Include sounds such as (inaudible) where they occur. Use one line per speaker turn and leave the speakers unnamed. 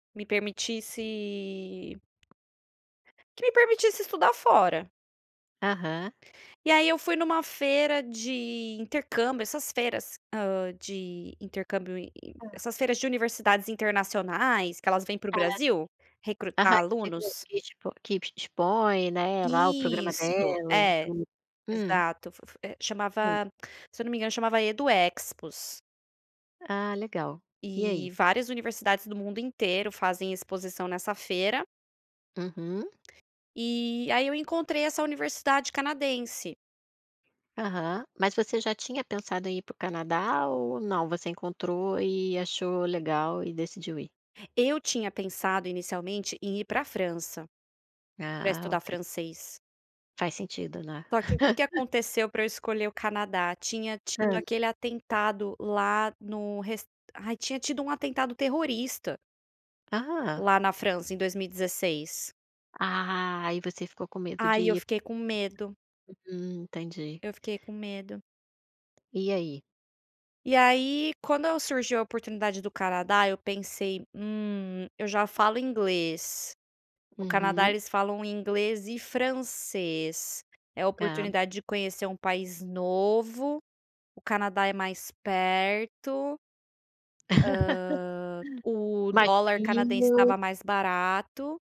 Me permitisse Que me permitisse estudar fora.
Aham.
E aí, eu fui em uma feira de intercâmbio, essas feiras, hã, de intercâmbio int int
Hã.
essas feiras de universidades internacionais, que elas vêm para o
(unintelligible)
Brasil, recrutar
Aham, que fica,
alunos.
que tipo que tipo que te expõe, né, lá, o programa
Isso.
delas,
É,
do Hum.
exato. Fo fo é
Sim.
chamava se eu não me engano chamava Edu Expos.
Ah legal, e
Eh
aí?
várias universidades do mundo inteiro fazem exposição nessa feira.
Uhum.
Eh, aí, eu encontrei essa universidade canadense.
Aham, mas você já tinha pensado em ir para o Canadá ou não, você encontrou e achou legal e decidiu ir?
Eu tinha pensado, inicialmente, em ir pra França. Pra
Ah
estudar
ok.
francês.
Faz sentido né? (laughs)
Só que o que que aconteceu pra eu escolher o Canadá. Tinha tido
Hã.
aquele atentado lá no res ai tinha tido um atentado terrorista.
Ah!
Lá na França em 2016.
Ah, e você ficou com medo de
Aí, eu
ir.
fiquei com medo.
Hum, entendi.
Eu fiquei com medo.
E aí?
E aí, quando eu surgiu a oportunidade do Canadá eu pensei: "Hum, eu já falo inglês, no Canadá
Uhum.
eles falam inglês e francês, é a
Aham.
oportunidade de conhecer um país novo, o Canadá é mais perto" "hã,
(laughs)
o
Mais
dólar canadense
frio.
estava mais barato".